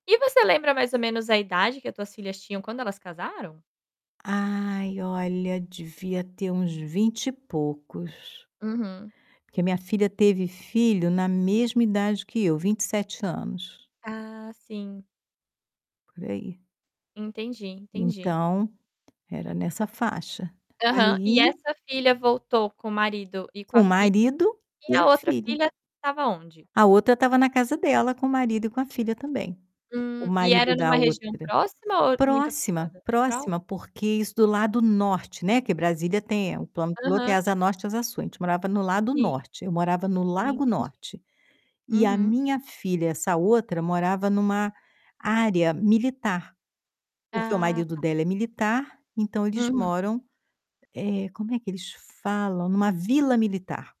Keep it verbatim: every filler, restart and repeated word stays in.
E você lembra mais ou menos a idade que as tuas filhas tinham quando elas casaram? Ai olha, devia ter uns vinte e poucos. Uhum. Porque a minha filha teve filho na mesma idade que eu, vinte e sete anos. Ah, sim. Por aí. Entendi, entendi. Então, era nessa faixa. Aham, e Aí essa filha voltou com o marido e com Com a o filha, marido e e a a outra filha. filha estava onde? A outra estava na casa dela com o marido e com a filha também. O Hum, e era marido em da uma região outra próxima ou muito próxima, afastada? próxima, Próxima? porque isso do lado norte, né, que Brasília tem o plano piloto tem a Aham. Asa Norte e Asa Sul, a gente morava no Lado Sim, Norte, eu morava no Lago entendi. Norte. E a Uhum. minha filha, essa outra, morava em uma área militar porque o Ah, marido tá. dela é militar, então eles Uhum. moram, eh, como é que eles falam? Em uma vila militar.